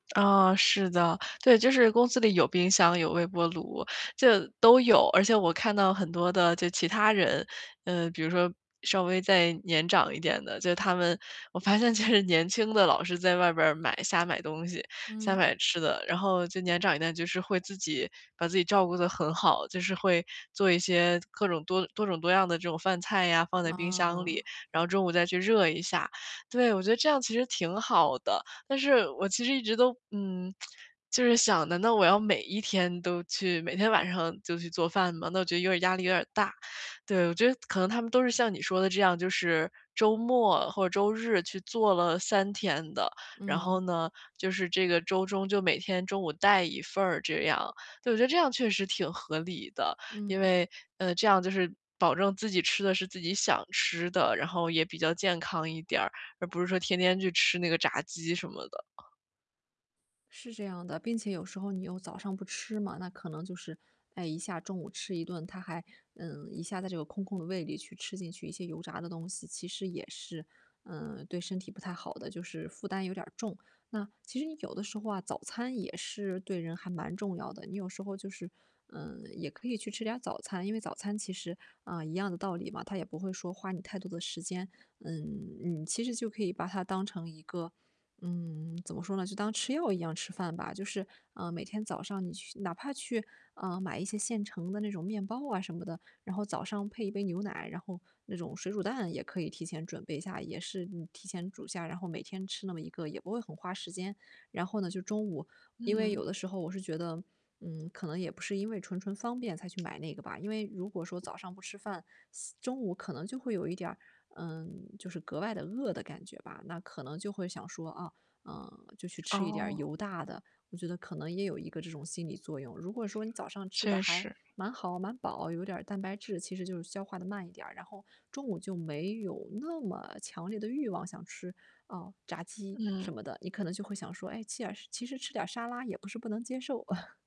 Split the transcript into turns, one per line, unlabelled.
啊，是的。对，就是公司里有冰箱，有微波炉，这都有，而且我看到很多的就其他人，呃，比如说，稍微再年长一点的，就他们我发现其实年轻的老师在外边买瞎买东西，瞎
嗯。
买吃的。然后就年长一点，就是会自己把自己照顾得很好，就是会做一些各种多多种多样的这种饭菜呀，放在冰箱
哦。
里，然后中午再去热一下。对，我觉得这样其实挺好的，但是我其实一直都嗯，就是想的，那我要每一天都去每天晚上就去做饭吗？那我觉得有点压力有点大。对，我觉得可能他们都是像你说的这样，就是周末或者周日去做了3天的。然后
嗯。
呢，就是这个周中就每天中午，带一份儿这样。对，我觉得这样确实挺合理的。因
嗯。
为，呃，这样就是保证自己吃的是自己想吃的，然后也比较健康一点，而不是说天天去吃那个炸鸡什么的。
是这样的。并且有时候你又早上不吃嘛，那可能就是，哎，一下中午吃一顿，它还嗯，一下在这个空空的胃里去吃进去一些油炸的东西，其实也是，嗯，对身体不太好的，就是负担有点重。那其实你有的时候啊，早餐也是对人还蛮重要的，你有时候就是，嗯，也可以去吃点早餐。因为早餐其实，啊，一样的道理嘛，它也不会说花你太多的时间。嗯嗯，其实就可以把它当成一个嗯，怎么说呢，就当吃药一样吃饭吧。就是，啊，每天早上你去哪怕去，呃，买一些现成的那种面包啊什么的，然后早上配一杯牛奶，然后那种水煮蛋也可以提前准备一下，也是嗯，提前煮下，然后每天吃那么一个也不会很花时间。然后呢，就中午因为有
嗯。
的时候我是觉得，嗯，可能也不是因为纯纯方便才去买那个吧。因为如果说早上不吃饭，中午可能就会有一点儿，嗯，就是格外地饿的感觉吧。那可能就会想说，啊嗯，就去吃一点
哦。
油大的，我觉得可能也有一个这种心理作用。如果说你早上吃的
确
还
实。
蛮好、蛮饱，有点蛋白质，其实就是消化地慢一点，然后中午就没有那么强烈的欲望，想吃，呃，炸鸡
嗯。
什么的。你可能就会想说，诶，其耳是其实吃点沙拉也不是不能接受。